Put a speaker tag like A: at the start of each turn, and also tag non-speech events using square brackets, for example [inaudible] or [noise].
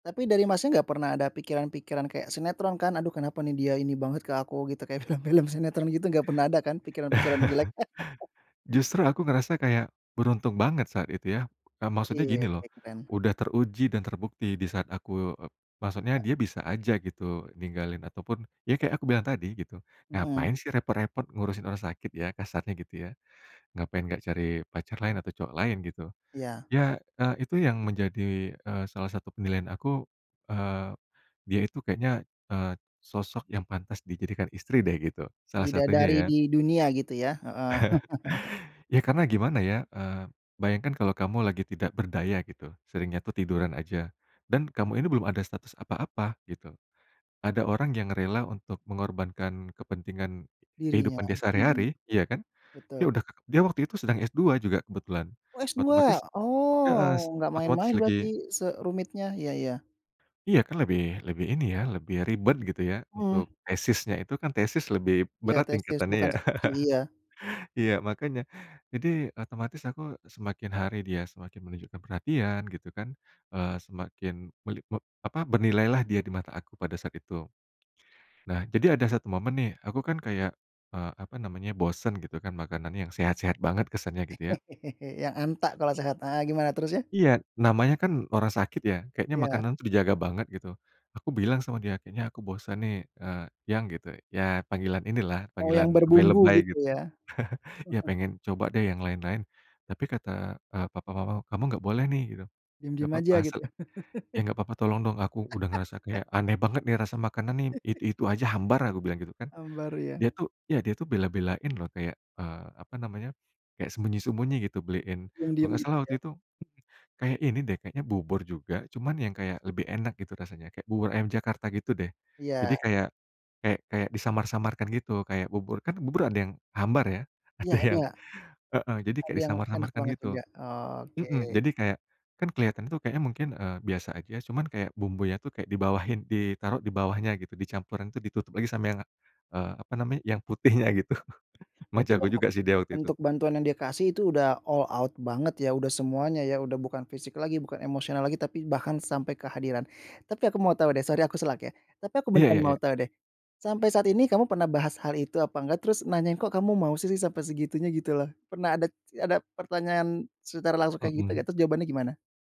A: Tapi dari Masnya nggak pernah ada pikiran-pikiran kayak sinetron kan, "Aduh kenapa nih dia ini banget ke aku?" gitu kayak film-film sinetron gitu nggak pernah ada kan pikiran-pikiran jelek? [chuckles]
B: [chuckles] Justru aku ngerasa kayak beruntung banget saat itu ya. Eee, maksudnya
A: Iya.
B: gini loh,
A: Oke, keren.
B: udah teruji dan terbukti di saat aku e maksudnya dia bisa aja gitu ninggalin ataupun ya kayak aku bilang tadi, gitu.
A: Mmm.
B: "Ngapain sih repot-repot ngurusin orang sakit ya," kasarnya gitu ya. "Ngapain nggak cari pacar lain atau cowok lain," gitu.
A: Iya.
B: Ya, eee, itu yang menjadi, eee, salah satu penilaian aku, eee, dia itu kayaknya, eee, sosok yang pantas dijadikan istri deh gitu, salah satunya
A: Bidadari
B: ya.
A: di dunia gitu ya? Heeh.
B: [chuckles]
A: [chuckles]
B: Ya karena gimana ya, eee, bayangkan kalau kamu lagi tidak berdaya gitu, seringnya tuh tiduran aja, dan kamu ini belum ada status apa-apa gitu. Ada orang yang rela untuk mengorbankan kepentingan
A: Dirinya,
B: kehidupan dia
A: mmm.
B: sehari-hari, ya kan. Dia
A: Betul.
B: udah dia waktu itu sedang S2 juga kebetulan,
A: Oh, S2?
B: otomatis heeh,
A: Oh, nggak
B: otomatis
A: main-main
B: lagi
A: berarti se rumitnya. Iya, iya.
B: Iya kan lebih lebih ini ya, lebih ribet gitu ya
A: Mmm.
B: untuk tesisnya itu. Kan tesis lebih
A: Iya
B: berat
A: tesis,
B: tingkatannya
A: bukan
B: ya.
A: skripsi. Iya.
B: [chuckles] Iya, makanya. Jadi otomatis aku semakin hari dia semakin menunjukkan perhatian gitu kan, eee, semakin melipop apa, bernilailah dia di mata aku pada saat itu. Nah, jadi ada satu momen nih aku kan kayak, eee, apa namanya, bosan gitu kan makanan yang sehat-sehat banget kesannya gitu ya.
A: [chuckles] Yang antak kalau sehat. Heeh, gimana terus ya?
B: Iya. Namanya kan orang sakit ya, kayaknya
A: Iya.
B: makanan tuh dijaga banget gitu. Aku bilang sama dia, "Kayaknya aku bosan nih, eee, Yang," gitu ya panggilan inilah,
A: Mau yang
B: panggilan
A: berbumbu
B: lebay-lebay
A: gitu
B: gitu.
A: ya.
B: [chuckles] "Iya,
A: [chuckles]
B: pengen coba deh yang lain-lain. Tapi kata, eee, papa mama kamu nggak boleh nih." Gitu. "Nggak
A: Diam-diam
B: apa-apa
A: aja
B: asal
A: gitu.
B: ya
A: [chuckles]
B: nggak apa-apa tolong dong, aku udah ngerasa kayak
A: [laughs]
B: aneh banget nih rasa makanan
A: [chuckles]
B: nih itu-itu aja hambar." Aku bilang gitu, kan.
A: Hambar ya.
B: Dia tuh ya, dia tuh bela-belain loh kayak, eee, apa namanya, kayak sembunyi-sembunyi gitu beliin kalau
A: Diam-diam
B: enggak
A: gitu
B: salah
A: ya.
B: waktu itu kayak ini deh, kayaknya bubur juga cuman yang kayak lebih enak gitu rasanya, kayak bubur ayam Jakarta gitu deh.
A: Iya.
B: Jadi, kayak kayak kayak disamar-samarkan gitu kayak bubur kan bubur ada yang hambar ya,
A: Ya
B: ada yang
A: ada.
B: heeh. Jadi kayak
A: Ada yang enak
B: disamar-samarkan
A: banget juga.
B: gitu.
A: Oke.
B: Mmm, jadi kayak kan kelihatan tuh kayaknya mungkin, eee, biasa aja cuman kayak bumbunya tuh kayak dibawahin ditaruh di bawahnya gitu, dicampuran tuh ditutup lagi sama yang, eee, apa namanya, yang putihnya gitu, [chuckles] emang
A: Berarti
B: jago
A: bentuk
B: juga sih dia waktu itu.
A: bentuk bantuan yang dia kasih itu udah all out banget ya, udah semuanya ya udah bukan fisik lagi bukan emosional lagi, tapi bahkan sampai kehadiran. Tapi aku mau tahu deh, sorry aku sela ya, tapi aku
B: Iya,
A: beneran
B: iya,
A: mau
B: iya.
A: tahu deh. Sampai saat ini, kamu pernah bahas hal itu apa enggak? Terus nanyain, "Kok kamu mau sih sampai segitunya?" Gitu loh. Pernah ada ada pertanyaan secara langsung kayak gitu
B: Mmm.
A: nggak? Terus jawabannya gimana?